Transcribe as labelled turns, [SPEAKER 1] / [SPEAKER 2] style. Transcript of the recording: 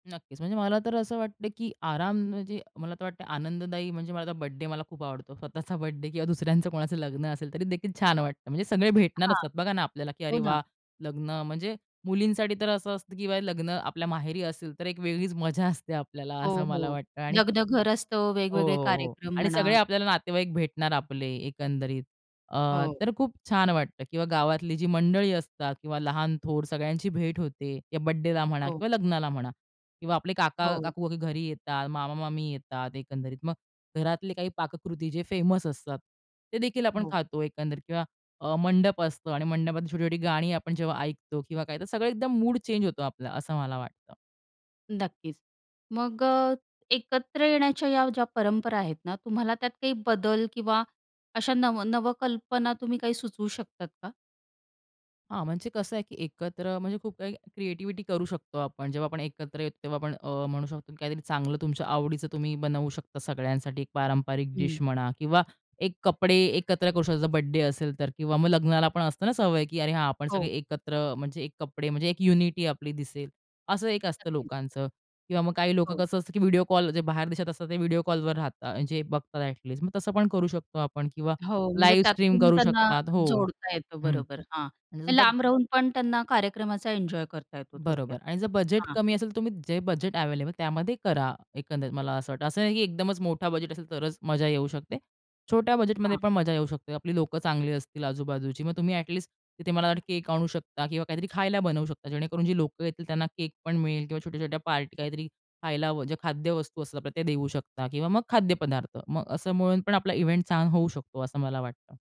[SPEAKER 1] नक्कीच. म्हणजे मला तर असं वाटत की आराम म्हणजे मला तर वाटतं आनंददायी म्हणजे माझा बर्थडे मला खूप आवडतो. स्वतःचा बर्थडे किंवा दुसऱ्यांचं कोणाचं लग्न असेल तरीदेखील छान वाटतं. म्हणजे सगळे भेटणार
[SPEAKER 2] हां.
[SPEAKER 1] असतात बघा ना आपल्याला, की
[SPEAKER 2] हो
[SPEAKER 1] अरे
[SPEAKER 2] ना.
[SPEAKER 1] वाह! लग्न म्हणजे मुलींसाठी तर असं असतं किंवा हे लग्न आपल्या माहेरी असेल, तर एक वेगळीच मजा असते आपल्याला
[SPEAKER 2] हो,
[SPEAKER 1] असं मला
[SPEAKER 2] हो.
[SPEAKER 1] वाटतं आणि
[SPEAKER 2] लग्नघर असतं.
[SPEAKER 1] हो,
[SPEAKER 2] वेगवेगळे
[SPEAKER 1] हो, हो.
[SPEAKER 2] कार्यक्रम
[SPEAKER 1] आणि
[SPEAKER 2] म्हणा.
[SPEAKER 1] सगळे आपल्याला नातेवाईक भेटणार आपले एकंदरीत अ,
[SPEAKER 2] हो.
[SPEAKER 1] तर खूप छान वाटतं किंवा गावातली जी मंडळी असतात किंवा लहान थोर सगळ्यांची भेट होते किंवा बर्थडेला म्हणा
[SPEAKER 2] हो.
[SPEAKER 1] किंवा लग्नाला म्हणा किंवा आपले
[SPEAKER 2] हो.
[SPEAKER 1] काका-काकू घरी येतात, मामा-मामी येतात एकंदरीत. मग घरातले काही पाककृती जे फेमस असतात, तेदेखील आपण
[SPEAKER 2] हो.
[SPEAKER 1] खातो एकंदरीत किंवा अ, मंडप असतो आणि मंडपात छोटी-छोटी गाणी आपण जेव्हा ऐकतो किंवा काय तर सगळं एकदम मूड चेंज होतो आपलं असं मला वाटतं.
[SPEAKER 2] नक्कीच. मग अ, एकत्र येण्याच्या या ज्या परंपरा आहेत ना, तुम्हाला त्यात काही बदल किंवा अशा नव नवकल्पना तुम्ही काही सुचवू शकतात का?
[SPEAKER 1] हां, म्हणजे कसं आहे की एकत्र म्हणजे खूप काही क्रिएटिव्हिटी करू शकतो आपण. जेव्हा आपण एकत्र येतो तेव्हा आपण अ, म्हणू शकतो काहीतरी चांगलं तुमच्या आवडीचं तुम्ही बनवू शकता सगळ्यांसाठी एक पारंपरिक डिश
[SPEAKER 2] हं.
[SPEAKER 1] म्हणा किंवा एक कपडे एकत्र करू शकतो, जर बर्थडे असेल तर किंवा मग लग्नाला पण असतं ना सवय की अरे, हां, आपण सगळे
[SPEAKER 2] हो.
[SPEAKER 1] एकत्र म्हणजे एक कपडे म्हणजे एक युनिटी आपली दिसेल असं एक असतं
[SPEAKER 2] नक्कीच.
[SPEAKER 1] लोकांचं किंवा मग काही लोकं
[SPEAKER 2] हो.
[SPEAKER 1] कसं असतं की व्हिडिओ कॉल जे बाहेर देशात असतात, ते व्हिडिओ कॉलवर राहतात, म्हणजे बघतात अ‍ॅटलिस्ट मग तसं पण करू शकतो आपण किंवा
[SPEAKER 2] हो. म्हणजे
[SPEAKER 1] लाईव्ह स्ट्रीम
[SPEAKER 2] त्यातून
[SPEAKER 1] करू
[SPEAKER 2] त्यांना
[SPEAKER 1] शकतात हो.
[SPEAKER 2] जोडता येतं.
[SPEAKER 1] हं.
[SPEAKER 2] बरोबर. हां.
[SPEAKER 1] आणि समजा
[SPEAKER 2] लांब राहून पण त्यांना कार्यक्रमाचा एन्जॉय करता येतो
[SPEAKER 1] बरोबर
[SPEAKER 2] थोडक्यात.
[SPEAKER 1] आणि जर बजेट
[SPEAKER 2] हां.
[SPEAKER 1] कमी असेल, तर तुम्ही जे बजेट अवेलेबल त्यामध्ये करा एकंदरीत मला असं वाटतं. असं नाही की एकदमच मोठा बजेट असेल, तरच मजा येऊ शकते. छोट्या बजेटमध्ये
[SPEAKER 2] हां.
[SPEAKER 1] पण मजा येऊ शकते. आपली लोकं चांगली असतील आजू-बाजूची, मग तुम्ही अ‍ॅटलिस्ट तिथे मला वाटतं केक आणू शकता किंवा काहीतरी खायला बनवू शकता. जेणेकरून जी लोकं येतील, त्यांना केक पण मिळेल किंवा छोट्या-छोट्या पार्टी काहीतरी खायला जे खाद्यवस्तू असतात ते देऊ शकता किंवा मग खाद्य पदार्थ, मग असं म्हणून पण आपला इव्हेंट छान होऊ शकतो असं मला वाटतं.